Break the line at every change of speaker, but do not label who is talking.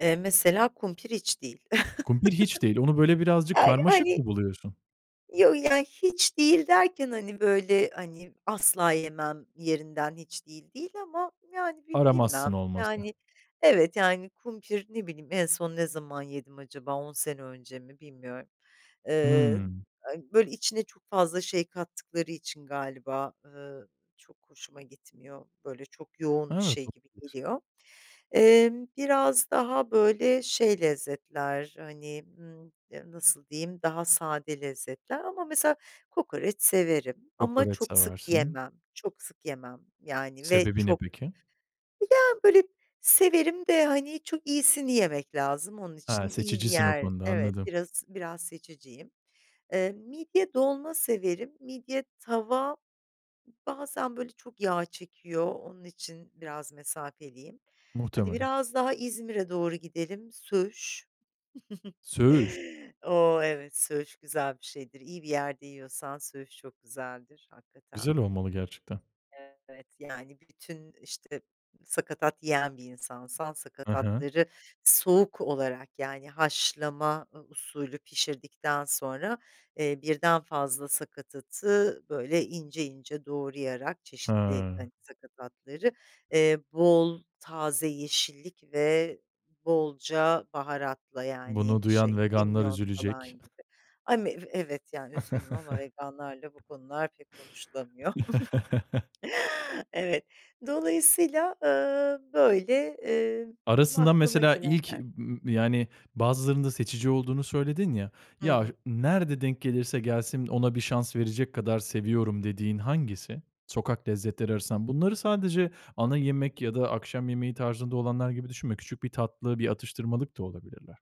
Eee, mesela kumpir hiç değil.
Kumpir hiç değil, onu böyle birazcık
Aaa,
karmaşık
yani...
mı buluyorsun?
Yo, yani hiç değil derken hani böyle, hani, asla yemem yerinden hiç değil, değil ama yani bi
Aramazsın
bilmem.
olmasa.
Yani evet, yani kumpir, ne bileyim ,en son ne zaman yedim acaba 10 sene önce mi, bilmiyorum. Eee,
Hımm.
a böyle içine çok fazla şey kattıkları için galiba, eee, çok hoşuma gitmiyor, böyle çok yoğun bir
Evet,
şey gibi
olabilir.
geliyor. Emm, biraz daha böyle şey lezzetler hani, ımm, nasıl diyeyim, daha sade lezzetler ama mesela kokoreç severim ama
Kokoreç
çok sık
seversin.
yiyemem. Çok sık yemem yani ve
Sebebi ne
çok
peki?
Ya böyle severim de hani çok iyisini yemek lazım onun
Ha,
için iyi bir
seçicisin o
yer
konuda,
Evet,
anladım.
biraz biraz seçiciyim. Eee, midye dolma severim. Midye tava bazen böyle çok yağ çekiyor, onun için biraz mesafeliyim. Hadi
Muhtemelen.
biraz daha İzmir'e doğru gidelim. Söğüş.
Söğüş?
O, evet söğüş güzel bir şeydir, iyi bir yerde yiyorsan söğüş çok güzeldir hakikaten.
Güzel olmalı gerçekten.
Evet, yani bütün, işte, sakatat yiyen bir insansan
Hı hı.
sakatatları soğuk olarak yani haşlama usulü pişirdikten sonra, eee, birden fazla sakatatı böyle ince ince doğrayarak çeşitli,
Ha.
hani, sakatatları, eee, bol taze yeşillik ve bolca baharatla yani
Bunu
şey
duyan veganlar
kimyon falan
üzülecek.
gibi. Ami ev evet yani üzgünüm ama veganlarla bu konular pek konuşulamıyor. Evet, dolayısıyla, ııı, böyle, eee,
Arasında
aklıma
mesela ilk
gelenler.
m yani bazılarında seçici olduğunu söyledin ya,
Hı
ya
hı.
nerede denk gelirse gelsin ona bir şans verecek kadar seviyorum dediğin hangisi? Sokak lezzetleri arasından. Bunları sadece ana yemek ya da akşam yemeği tarzında olanlar gibi düşünme. Küçük bir tatlı, bir atıştırmalık da olabilirler.